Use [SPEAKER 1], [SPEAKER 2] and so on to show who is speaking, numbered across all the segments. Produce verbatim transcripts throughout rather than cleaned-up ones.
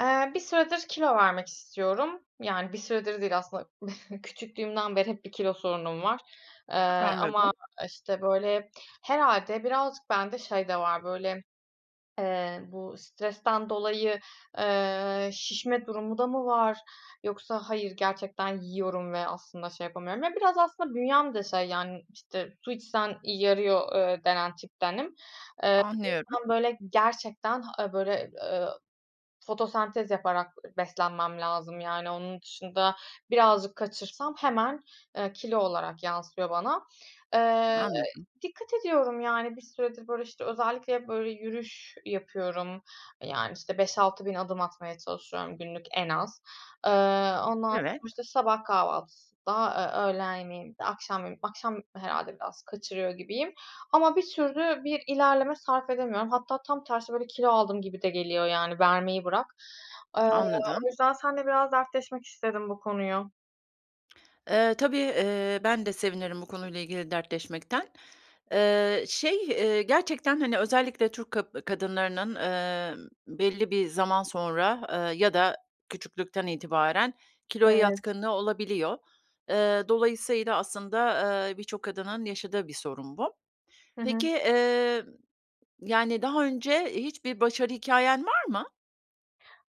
[SPEAKER 1] Eee, bir süredir kilo vermek istiyorum. Yani, bir süredir değil aslında küçüklüğümden beri hep bir kilo sorunum var. Eee,
[SPEAKER 2] Anladım.
[SPEAKER 1] ama, işte, böyle herhâlde birazcık bende şey de var böyle, eee, bu stresten dolayı, eee, şişme durumu da mı var yoksa hayır gerçekten yiyorum ve aslında, şey, yapamıyorum. Ya, biraz aslında bünyem de şey yani, işte su içsen, iii, yarıyor, eee, denen tiptenim. Eee, o
[SPEAKER 2] Anlıyorum.
[SPEAKER 1] yüzden böyle gerçekten, ha, aaa, böyle, ııı, fotosentez yaparak, ııı, beslenmem lazım yani onun dışında birazcık kaçırsam hemen, eee, kilo olarak yansıyor bana. Eee
[SPEAKER 2] Anladım.
[SPEAKER 1] dikkat ediyorum. Yani, bir süredir böyle işte özellikle hep böyle yürüyüş yapıyorum, eee, yani, işte beş altı bin adım atmaya çalışıyorum günlük en az. Eee, ondan sonra
[SPEAKER 2] Evet.
[SPEAKER 1] işte sabah kahvaltısında, eee, öğlen yemeğinde, akşam, yemeğinde, akşam herhâlde biraz kaçırıyor gibiyim. Ama bir türlü bir ilerleme sarf edemiyorum. Hatta tam tersi böyle kilo aldım gibi de geliyor, yani, vermeyi bırak. Eee,
[SPEAKER 2] Anladım.
[SPEAKER 1] o yüzden seninle biraz dertleşmek istedim bu konuyu.
[SPEAKER 2] Eee, tabii, eee, ben de sevinirim bu konuyla ilgili dertleşmekten. Eee, şey, eee, gerçekten, hani, özellikle, Türk kab kadınlarının, emm, belli bir zaman sonra, eee, ya da küçüklükten itibaren kiloya
[SPEAKER 1] Evet.
[SPEAKER 2] yatkınlığı olabiliyor. Eee, dolayısıyla, aslında, eee, birçok kadının yaşadığı bir sorun bu.
[SPEAKER 1] Hı hı.
[SPEAKER 2] Peki, eee, yani, daha önce hiçbir başarı hikâyen var mı?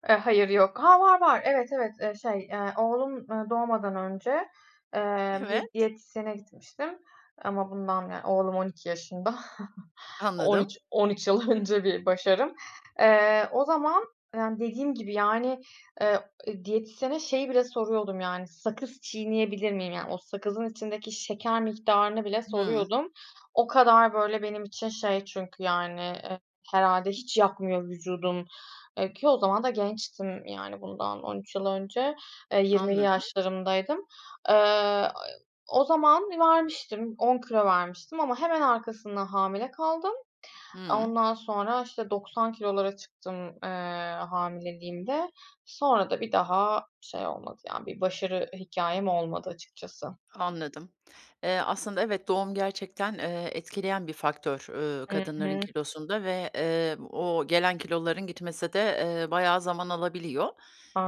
[SPEAKER 1] Eee, hayır, yok. Ha, var, var. Evet evet. Eee, şey, eee, oğlum, ııı, doğmadan önce, eee, bir
[SPEAKER 2] Evet.
[SPEAKER 1] diyetisyene gitmiştim ama bundan, yani, oğlum on iki yaşında. on
[SPEAKER 2] Anladım.
[SPEAKER 1] üç on üç yıl önce bir başarım. Eee, o zaman, eee, dediğim gibi, yani, eee, diyetisyene şeyi bile soruyordum, yani, sakız çiğneyebilir miyim? Yani, o sakızın içindeki şeker miktarını bile
[SPEAKER 2] Hıı.
[SPEAKER 1] soruyordum. O kadar böyle benim için şey çünkü yani, eee, herhâlde, hiç yakmıyor vücudum, eee, ki o zaman da gençtim, yani, bundan on üç yıl önce, eee, yirmili
[SPEAKER 2] Anladım.
[SPEAKER 1] yaşlarımdaydım. Eee, o zaman vermiştim, on kilo vermiştim ama hemen arkasından hamile kaldım.
[SPEAKER 2] Hıı.
[SPEAKER 1] Ondan sonra, işte, doksan kilolara çıktım, eee, hamileliğimde. Sonra da bir daha şey olmadı. Yani, bir başarı hikayem olmadı, açıkçası.
[SPEAKER 2] Anladım. Eee, aslında, evet, doğum gerçekten, eee, etkileyen bir faktör, ööö,
[SPEAKER 1] Hı
[SPEAKER 2] kadınların
[SPEAKER 1] hı.
[SPEAKER 2] kilosunda ve, eee, o gelen kiloların gitmesi de, eee, bayağı zaman alabiliyor.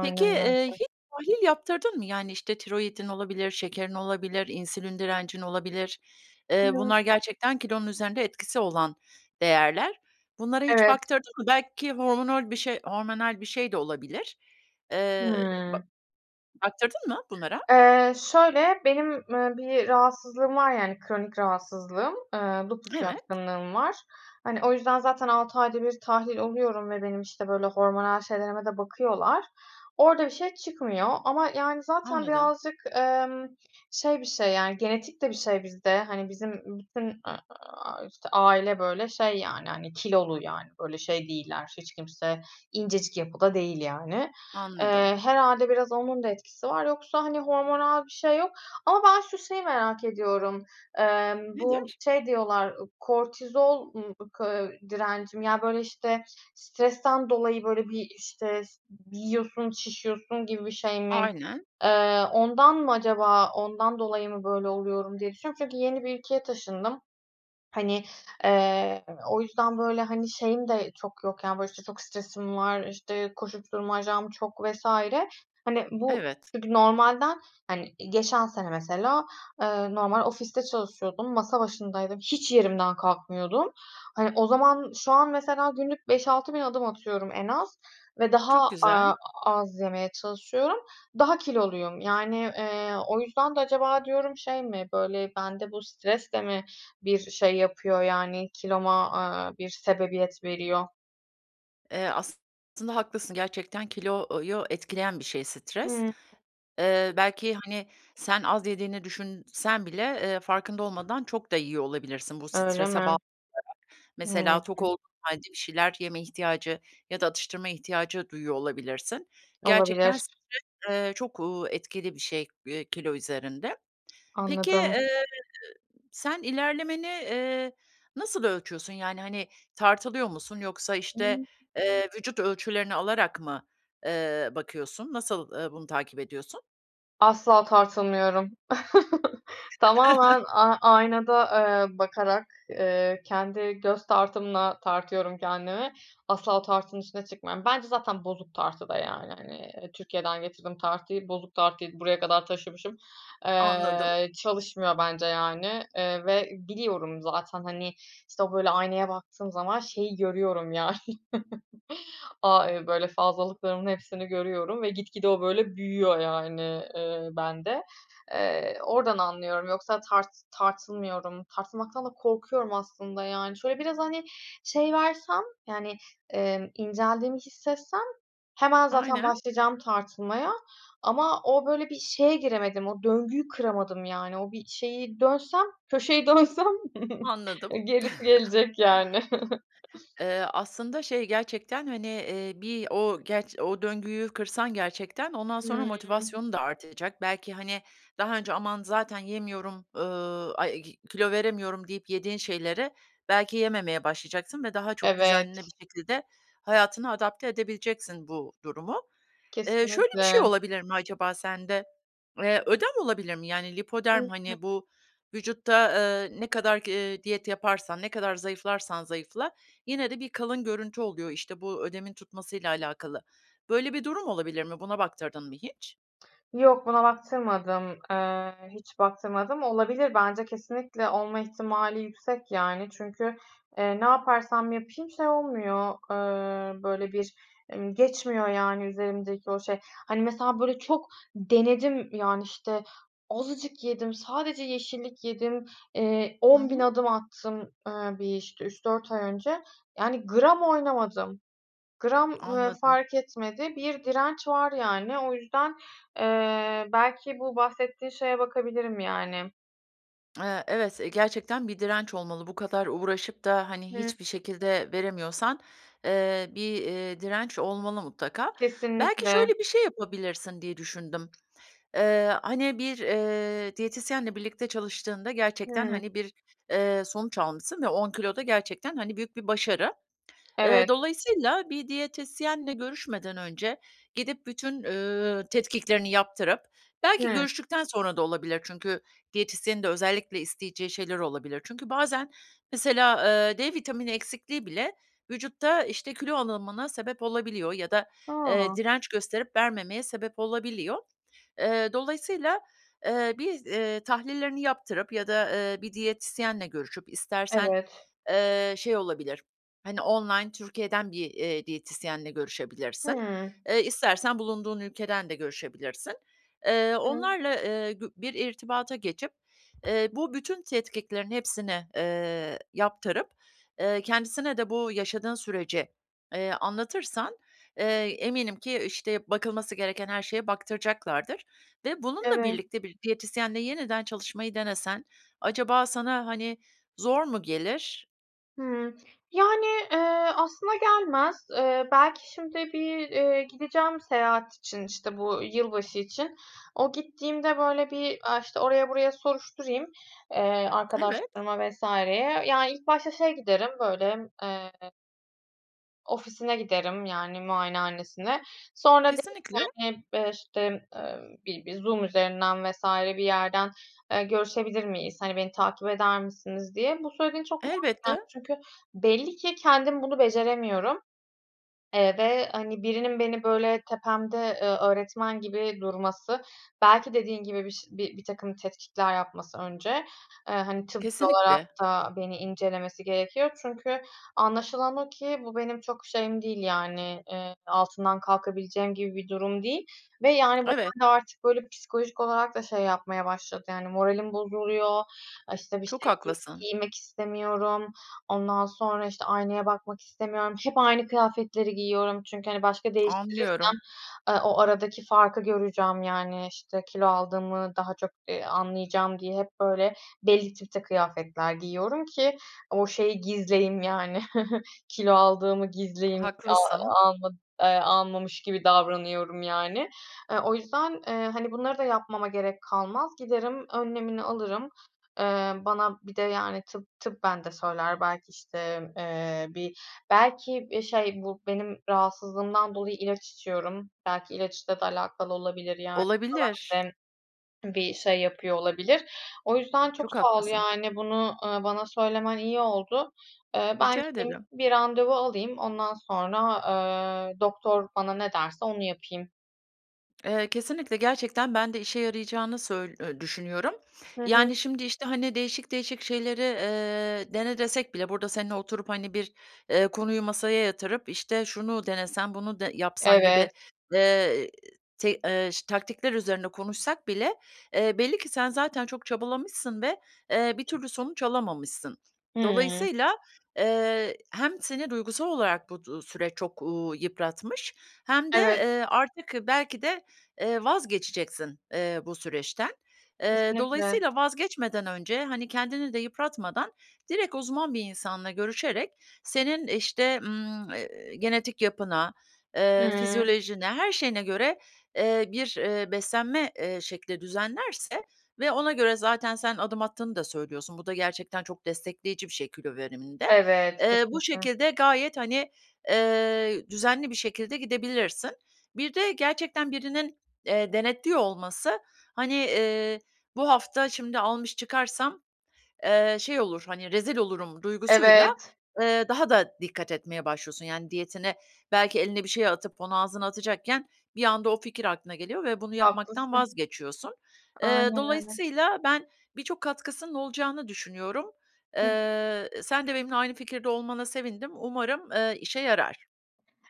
[SPEAKER 2] Peki, eee,
[SPEAKER 1] öyle.
[SPEAKER 2] hiç tahlil yaptırdın mı? Yani, işte, tiroidin olabilir, şekerin olabilir, insülin direncin olabilir. Eee,
[SPEAKER 1] [unintelligible]
[SPEAKER 2] bunlar gerçekten kilonun üzerinde etkisi olan değerler. Bunlara hiç
[SPEAKER 1] Evet.
[SPEAKER 2] baktırdın mı? Belki hormonol bir şey, hormonal bir şey de olabilir. Eee, ba
[SPEAKER 1] Hımm.
[SPEAKER 2] baktırdın mı bunlara?
[SPEAKER 1] Eee, şöyle, benim, eee, bir rahatsızlığım var, yani, kronik rahatsızlığım, eee, lupus
[SPEAKER 2] Evet.
[SPEAKER 1] yatkınlığım var. Hani, o yüzden, zaten, altı ayda bir tahlil oluyorum ve benim, işte, böyle hormonal şeylerime de bakıyorlar, orada bir şey çıkmıyor. Ama, yani, zaten,
[SPEAKER 2] Anladım.
[SPEAKER 1] birazcık, emm, şey bir şey, yani, genetik de bir şey bizde. Hani, bizim bütün, eee, aaa, işte, aile böyle şey, yani, hani, kilolu, yani, böyle şey değiller, hiç kimse incecik yapıda değil, yani.
[SPEAKER 2] Anladım.
[SPEAKER 1] Eee, herhâlde, biraz onun da etkisi var. Yoksa, hani, hormonal bir şey yok. Ama ben şu şeyi merak ediyorum: Emm, bu
[SPEAKER 2] Nedir?
[SPEAKER 1] şey diyorlar, kortizol ım ıkı direncim. Ya, böyle, işte stresten dolayı böyle bir işte ş yiyorsun, şişiyorsun gibi bir şey mi,
[SPEAKER 2] Aynen.
[SPEAKER 1] eee, ondan mı acaba, ondan dolayı mı böyle oluyorum diye düşünüyorum. Çünkü yeni bir ülkeye taşındım, hani, eee o yüzden böyle, hani, şeyim de çok yok, yani, böyle, işte, çok stresim var, işte, koşuşturmacam çok vs. Hani, bu
[SPEAKER 2] Evet.
[SPEAKER 1] çünkü normalden, hani, geçen sene, mesela, eee, normal ofiste çalışıyordum, masa başındaydım, hiç yerimden kalkmıyordum. Hani, o zaman şu an, mesela, günlük beş altı bin adım atıyorum en az ve daha,
[SPEAKER 2] Çok güzel.
[SPEAKER 1] aaa, az yemeye çalışıyorum, daha kiloluyum. Yani, eee, o yüzden de acaba diyorum şey mi böyle bende bu stres de mi bir şey yapıyor, yani, kiloma, aaa, bir sebebiyet veriyor?
[SPEAKER 2] Eee, aslında haklısın, gerçekten kilouyu etkileyen bir şey stres.
[SPEAKER 1] Hıı.
[SPEAKER 2] Eee, belki, hani, sen az yediğini düşünsen bile, eee, farkında olmadan çok da yiyor olabilirsin bu
[SPEAKER 1] Öyle
[SPEAKER 2] strese
[SPEAKER 1] mi?
[SPEAKER 2] [unintelligible]
[SPEAKER 1] Hıı.
[SPEAKER 2] Mesela, tok olduğun hâlde bir şeyler yeme ihtiyacı ya da atıştırma ihtiyacı duyuyor olabilirsin. Gerçekten
[SPEAKER 1] Olabilir.
[SPEAKER 2] stres, eee, çok, uuu, etkili bir şey, eee, kilo üzerinde. Peki,
[SPEAKER 1] Anladım.
[SPEAKER 2] eee, sen ilerlemeni, eee, nasıl ölçüyorsun, yani, hani, tartılıyor musun yoksa, işte,
[SPEAKER 1] [unintelligible]
[SPEAKER 2] eee, vücut ölçülerini alarak mı, eee, bakıyorsun, nasıl, eee, bunu takip ediyorsun?
[SPEAKER 1] Asla tartılmıyorum. Tamamen, a aynada, eee, bakarak, eee, kendi göz tartımla tartıyorum kendimi. Asla tartının üstüne çıkmıyorum. Bence zaten bozuk tartı da, yani, hani, eee, Türkiye’den getirdiğim tartıyı, bozuk tartıyı buraya kadar taşımışım.
[SPEAKER 2] Anladım.
[SPEAKER 1] Eee, çalışmıyor bence, yani, eee, ve biliyorum zaten, hani, işte, o böyle aynaya baktığım zaman şeyi görüyorum, yani, aaa, [unintelligible] böyle fazlalıklarımın hepsini görüyorum ve gitgide o, böyle, büyüyor, yani, eee, bende. Eee, oradan anlıyorum, yoksa tart tartılmıyorum. Tartılmaktan da korkuyorum aslında, yani. Şöyle, biraz, hani, şey versem, yani, emm, inceldiğimi hissetsem hemen zaten
[SPEAKER 2] Aynen.
[SPEAKER 1] başlayacağım tartılmaya ama o, böyle, bir şeye giremedim, o döngüyü kıramadım, yani, o bir şeyi dönsem, köşeyi dönsem
[SPEAKER 2] Anladım.
[SPEAKER 1] gerisi gelecek, yani.
[SPEAKER 2] Eee, aslında şey, gerçekten, hani, eee, bir o, gerç o döngüyü kırsan gerçekten ondan sonra
[SPEAKER 1] Hıı.
[SPEAKER 2] motivasyonun da artacak. Belki, hani, daha önce "Aman, zaten yemiyorum, ııı, [unintelligible] kilo veremiyorum." deyip yediğin şeylere belki yememeye başlayacaksın ve daha çok düzenli
[SPEAKER 1] Evet.
[SPEAKER 2] bir şekilde hayatına adapte edebileceksin bu durumu. Eee, şöyle bir şey
[SPEAKER 1] Kesinlikle.
[SPEAKER 2] olabilir mi acaba sende? Eee, ödem olabilir mi, yani, lipödem
[SPEAKER 1] [unintelligible]
[SPEAKER 2] hani, bu vücutta, eee, ne kadar, g eee, diyet yaparsan, ne kadar zayıflarsan zayıfla, yine de bir kalın görüntü oluyor, işte, bu ödemin tutması ile alakalı. Böyle bir durum olabilir mi, buna baktırdın mı hiç?
[SPEAKER 1] Yok, buna baktırmadım, eee, hiç baktırmadım. Olabilir. Bence kesinlikle olma ihtimali yüksek, yani. Çünkü, eee, ne yaparsam yapayım şey olmuyor, ııı, böyle bir emm, geçmiyor, yani, üzerimdeki o şey. Hani, mesela, böyle çok denedim, yani, işte, azıcık yedim, sadece yeşillik yedim, eee,
[SPEAKER 2] Hı
[SPEAKER 1] on bin
[SPEAKER 2] hı.
[SPEAKER 1] adım attım, eee, bir, işte, üç dört ay önce, yani, gram oynamadım. Gram, ııı,
[SPEAKER 2] Anladım.
[SPEAKER 1] fark etmedi, bir direnç var, yani. O yüzden, eee, belki bu bahsettiğin şeye bakabilirim, yani.
[SPEAKER 2] Eee, evet, gerçekten bir direnç olmalı. Bu kadar uğraşıp da, hani,
[SPEAKER 1] Hıı.
[SPEAKER 2] hiçbir şekilde veremiyorsan, eee, bir, ııı, direnç olmalı mutlaka. Belki
[SPEAKER 1] Kesinlikle.
[SPEAKER 2] şöyle bir şey yapabilirsin diye düşündüm. Eee, hani, bir, eee, diyetisyenle birlikte çalıştığında gerçekten,
[SPEAKER 1] Hımm.
[SPEAKER 2] hani, bir, eee, sonuç almışsın ve on kilo da gerçekten hani büyük bir başarı. Eee,
[SPEAKER 1] Evet.
[SPEAKER 2] dolayısıyla bir diyetisyenle görüşmeden önce gidip bütün, ııı, tetkiklerini yaptırıp belki
[SPEAKER 1] Hımm.
[SPEAKER 2] görüştükten sonra da olabilir. Çünkü diyetisyenin de özellikle isteyeceği şeyler olabilir. Çünkü bazen mesela, eee, D vitamini eksikliği bile vücutta işte kilo alımına sebep olabiliyor ya da, eee,
[SPEAKER 1] A!
[SPEAKER 2] direnç gösterip vermemeye sebep olabiliyor. Eee, dolayısıyla, eee, bir, eee, tahlillerini yaptırıp ya da, eee, bir diyetisyenle görüşüp istersen,
[SPEAKER 1] Evet.
[SPEAKER 2] eee, şey, olabilir. Hani online Türkiye'den bir, eee, diyetisyenle görüşebilirsin.
[SPEAKER 1] Hımm.
[SPEAKER 2] Eee, istersen bulunduğun ülkeden de görüşebilirsin. Eee
[SPEAKER 1] Evet.
[SPEAKER 2] onlarla, eee, gü bir irtibata geçip, eee bu bütün tetkiklerin hepsini, eee, yaptırıp, eee, kendisine de bu yaşadığın süreci, eee, anlatırsan, eee, eminim ki işte bakılması gereken her şeye baktıracaklardır ve bununla
[SPEAKER 1] Evet.
[SPEAKER 2] birlikte bir diyetisyenle yeniden çalışmayı denesen acaba sana hani zor mu gelir?
[SPEAKER 1] Hımm. Yani, eee, aslında gelmez. Eee, belki şimdi bir, eee, gideceğim seyahat için, işte, bu yılbaşı için. O gittiğimde, böyle, bir, aaa, işte, oraya buraya soruşturayım, eee,
[SPEAKER 2] Evet.
[SPEAKER 1] arkadaşlarıma vs.ye. Ya, ilk başta şeye giderim, böyle, eee ofisine giderim, yani, muayenehanesine. Sonra derim
[SPEAKER 2] Kesinlikle.
[SPEAKER 1] ki, hani, eee, işte, emm, bi bir Zoom üzerinden vs. bir yerden, eee, görüşebilir miyiz, hani, beni takip eder misiniz, diye. Bu söylediğin çok mantıklı geldi
[SPEAKER 2] Elbette.
[SPEAKER 1] çünkü belli ki kendim bunu beceremiyorum, eee, ve, hani, birinin beni, böyle, tepemde, eee, öğretmen gibi durması, belki dediğin gibi bir ş bi birtakım tetkikler yapması önce, eee, hani, tıbbi olarak
[SPEAKER 2] Kesinlikle.
[SPEAKER 1] da beni incelemesi gerekiyor çünkü anlaşılan o ki bu benim çok şeyim değil, yani, eee, altından kalkabileceğim gibi bir durum değil ve, yani,
[SPEAKER 2] Evet.
[SPEAKER 1] [unintelligible] artık, böyle, psikolojik olarak da şey yapmaya başladı, yani, moralim bozuluyor, işte, bir
[SPEAKER 2] Çok
[SPEAKER 1] şey giy
[SPEAKER 2] haklısın.
[SPEAKER 1] giymek istemiyorum, ondan sonra, işte, aynaya bakmak istemiyorum, hep aynı kıyafetleri giyiyorum çünkü, hani, başka
[SPEAKER 2] Anlıyorum.
[SPEAKER 1] değiştirirsem, eee, o aradaki farkı göreceğim, yani, işte, kilo aldığımı daha çok, ııı, anlayacağım diye hep, böyle, belli tipte kıyafetler giyiyorum ki o şeyi gizleyeyim, yani, kilo aldığımı gizleyeyim, a
[SPEAKER 2] Haklısın.
[SPEAKER 1] alma eee, almamış gibi davranıyorum, yani. E, o yüzden, eee, hani, bunları da yapmama gerek kalmaz, giderim önlemini alırım, eee, bana bir de, yani, tıp, tıbben bende söyler, belki, işte, eee, bir, belki, eee, şey bu benim rahatsızlığımdan dolayı ilaç içiyorum, belki ilaçla da alakalı olabilir, yani. Bu da
[SPEAKER 2] Olabilir.
[SPEAKER 1] bende bir şey yapıyor olabilir. O yüzden çok
[SPEAKER 2] Çok
[SPEAKER 1] sağ ol,
[SPEAKER 2] haklısın.
[SPEAKER 1] yani, bunu, ııı, bana söylemen iyi oldu. Eee, ben
[SPEAKER 2] Rica
[SPEAKER 1] gideyim
[SPEAKER 2] ederim.
[SPEAKER 1] bir randevu alayım, ondan sonra, eee, doktor bana ne derse onu yapayım.
[SPEAKER 2] Eee, kesinlikle gerçekten ben de işe yarayacağını söy eee, düşünüyorum.
[SPEAKER 1] Hı hı.
[SPEAKER 2] Yani, şimdi, işte, hani, değişik değişik şeyleri, eee, dene desek bile burada seninle oturup, hani, bir, eee, konuyu masaya yatırıp, işte, şunu denesen, bunu de yapsan gibi,
[SPEAKER 1] Evet.
[SPEAKER 2] eee, te eee, ş taktikler üzerine konuşsak bile, eee, belli ki sen zaten çok çabalamışsın ve, eee, bir türlü sonuç alamamışsın.
[SPEAKER 1] Hımm.
[SPEAKER 2] Dolayısıyla, eee, hem seni duygusal olarak bu du süreç çok, uuu, yıpratmış hem de,
[SPEAKER 1] Evet.
[SPEAKER 2] eee, artık belki de, eee, vazgeçeceksin, eee, bu süreçten. Eee,
[SPEAKER 1] Kesinlikle.
[SPEAKER 2] dolayısıyla vazgeçmeden önce, hani, kendini de yıpratmadan direkt uzman bir insanla görüşerek senin, işte, ımm, eee, genetik yapına, eee,
[SPEAKER 1] Hımm.
[SPEAKER 2] fizyolojine, her şeyine göre, eee, bir, eee, beslenme, eee, şekli düzenlerse ve ona göre zaten sen adım attığını da söylüyorsun, bu da gerçekten çok destekleyici bir şey kilo veriminde.
[SPEAKER 1] Evet.
[SPEAKER 2] Eee, bu
[SPEAKER 1] Kesinlikle.
[SPEAKER 2] şekilde gayet, hani, eee, düzenli bir şekilde gidebilirsin. Bir de gerçekten birinin, eee, denetliyor olması, hani, eee, bu hafta şimdi almış çıkarsam, eee, şey olur, hani, rezil olurum duygusuyla,
[SPEAKER 1] Evet.
[SPEAKER 2] eee, daha da dikkat etmeye başlıyorsun, yani, diyetine. Belki eline bir şey atıp onu ağzına atacakken bir anda o fikir aklına geliyor ve bunu yapmaktan
[SPEAKER 1] Haklısın.
[SPEAKER 2] vazgeçiyorsun. Eee,
[SPEAKER 1] Aynen öyle.
[SPEAKER 2] dolayısıyla ben birçok katkısının olacağını düşünüyorum.
[SPEAKER 1] Hı hı.
[SPEAKER 2] Eee, sen de benimle aynı fikirde olmana sevindim, umarım, eee, işe yarar.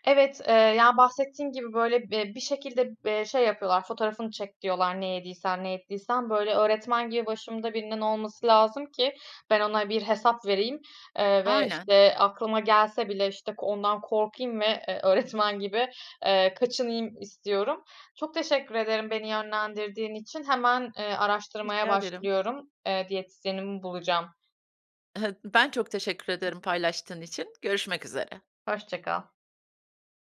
[SPEAKER 1] Evet, eee, ya, bahsettiğin gibi, böyle, eee, bir şekilde, eee, şey yapıyorlar, fotoğrafını çek diyorlar, ne yediysen ne ettiysen, böyle, öğretmen gibi başımda birinin olması lazım ki ben ona bir hesap vereyim, eee, ve,
[SPEAKER 2] Aynen.
[SPEAKER 1] işte, aklıma gelse bile, işte, ondan korkayım ve, eee, öğretmen gibi, eee, kaçınayım istiyorum. Çok teşekkür ederim beni yönlendirdiğin için. Hemen, eee, araştırmaya
[SPEAKER 2] Rica ederim.
[SPEAKER 1] başlıyorum. Eee, diyetisyenimi bulacağım.
[SPEAKER 2] Ben çok teşekkür ederim, paylaştığın için. Görüşmek üzere.
[SPEAKER 1] Hoşça kal.